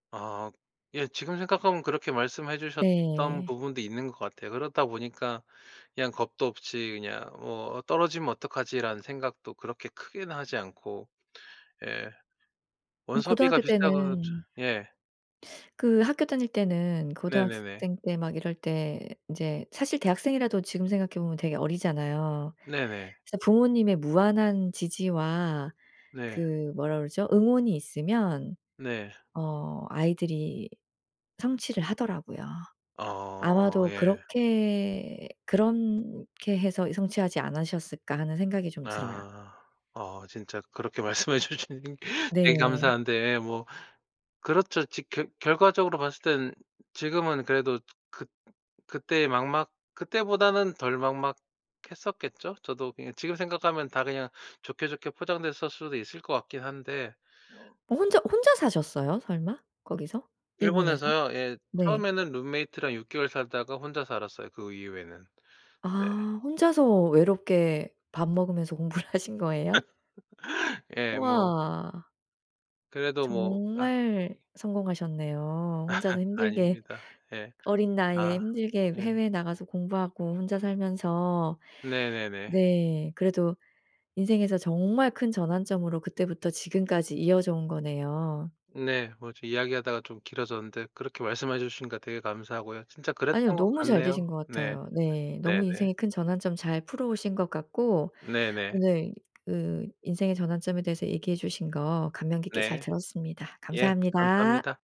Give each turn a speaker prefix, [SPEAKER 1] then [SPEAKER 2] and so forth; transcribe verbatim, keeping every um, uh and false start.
[SPEAKER 1] 아 예. 지금 생각하면 그렇게 말씀해 주셨던
[SPEAKER 2] 네.
[SPEAKER 1] 부분도 있는 것 같아요. 그러다 보니까 그냥 겁도 없이 그냥 뭐 '어 떨어지면 어떡하지?'라는 생각도 그렇게 크게는 하지 않고. 예.
[SPEAKER 2] 그럼
[SPEAKER 1] 원서비가
[SPEAKER 2] 고등학교
[SPEAKER 1] 비싸고 저
[SPEAKER 2] 때는
[SPEAKER 1] 예.
[SPEAKER 2] 그 학교 다닐 때는
[SPEAKER 1] 네네네.
[SPEAKER 2] 고등학생 때 막 이럴 때 이제 사실 대학생이라도 지금 생각해 보면 되게 어리잖아요.
[SPEAKER 1] 네네.
[SPEAKER 2] 그래서 부모님의 무한한 지지와
[SPEAKER 1] 네.
[SPEAKER 2] 그 뭐라 그러죠? 응원이 있으면
[SPEAKER 1] 네.
[SPEAKER 2] 어 아이들이 성취를 하더라고요.
[SPEAKER 1] 아
[SPEAKER 2] 아마도
[SPEAKER 1] 예.
[SPEAKER 2] 그렇게 '그런 게 해서 성취하지 않으셨을까?' 하는 생각이 좀 들어요.
[SPEAKER 1] 아. 어 진짜 그렇게 말씀해 주신 되게
[SPEAKER 2] 네.
[SPEAKER 1] 감사한데, 뭐 그렇죠. 지 겨 결과적으로 봤을 땐 지금은 그래도 그 그때 막막 그때보다는 덜 막막했었겠죠? 저도 그냥 지금 생각하면 다 그냥 좋게, 좋게 포장됐었 수도 있을 것 같긴 한데
[SPEAKER 2] 혼자 혼자 사셨어요 설마? 거기서? 일본에서?
[SPEAKER 1] 일본에서요? 예.
[SPEAKER 2] 네.
[SPEAKER 1] 처음에는 룸메이트랑 육 개월 살다가 혼자 살았어요, 그 이후에는. 네.
[SPEAKER 2] 아 혼자서 외롭게 밥 먹으면서 공부를 하신 거예요?
[SPEAKER 1] 예. 뭐.
[SPEAKER 2] 우와.
[SPEAKER 1] 그래도 뭐 아
[SPEAKER 2] 정말
[SPEAKER 1] 예.
[SPEAKER 2] 성공하셨네요. 혼자서 힘들게
[SPEAKER 1] 아닙니다. 예.
[SPEAKER 2] 어린 나이에
[SPEAKER 1] 아
[SPEAKER 2] 힘들게
[SPEAKER 1] 예.
[SPEAKER 2] 해외에 나가서 공부하고 혼자 살면서
[SPEAKER 1] 네네네.
[SPEAKER 2] 네. 그래도 인생에서 정말 큰 전환점으로 그때부터 지금까지 이어져 온 거네요.
[SPEAKER 1] 네. 뭐 저 이야기하다가 좀 길어졌는데 그렇게 말씀해 주시니까 되게 감사하고요. 진짜 그랬던
[SPEAKER 2] 아니요.
[SPEAKER 1] 것
[SPEAKER 2] 너무 잘 되신
[SPEAKER 1] 같네요.
[SPEAKER 2] 것
[SPEAKER 1] 네.
[SPEAKER 2] 같아요. 네. 너무
[SPEAKER 1] 네네.
[SPEAKER 2] 인생의 큰 전환점 잘 풀어오신 것 같고,
[SPEAKER 1] 네네.
[SPEAKER 2] 오늘 그 인생의 전환점에 대해서 얘기해 주신 거 감명 깊게 잘
[SPEAKER 1] 네.
[SPEAKER 2] 들었습니다.
[SPEAKER 1] 예.
[SPEAKER 2] 감사합니다.
[SPEAKER 1] 감사합니다.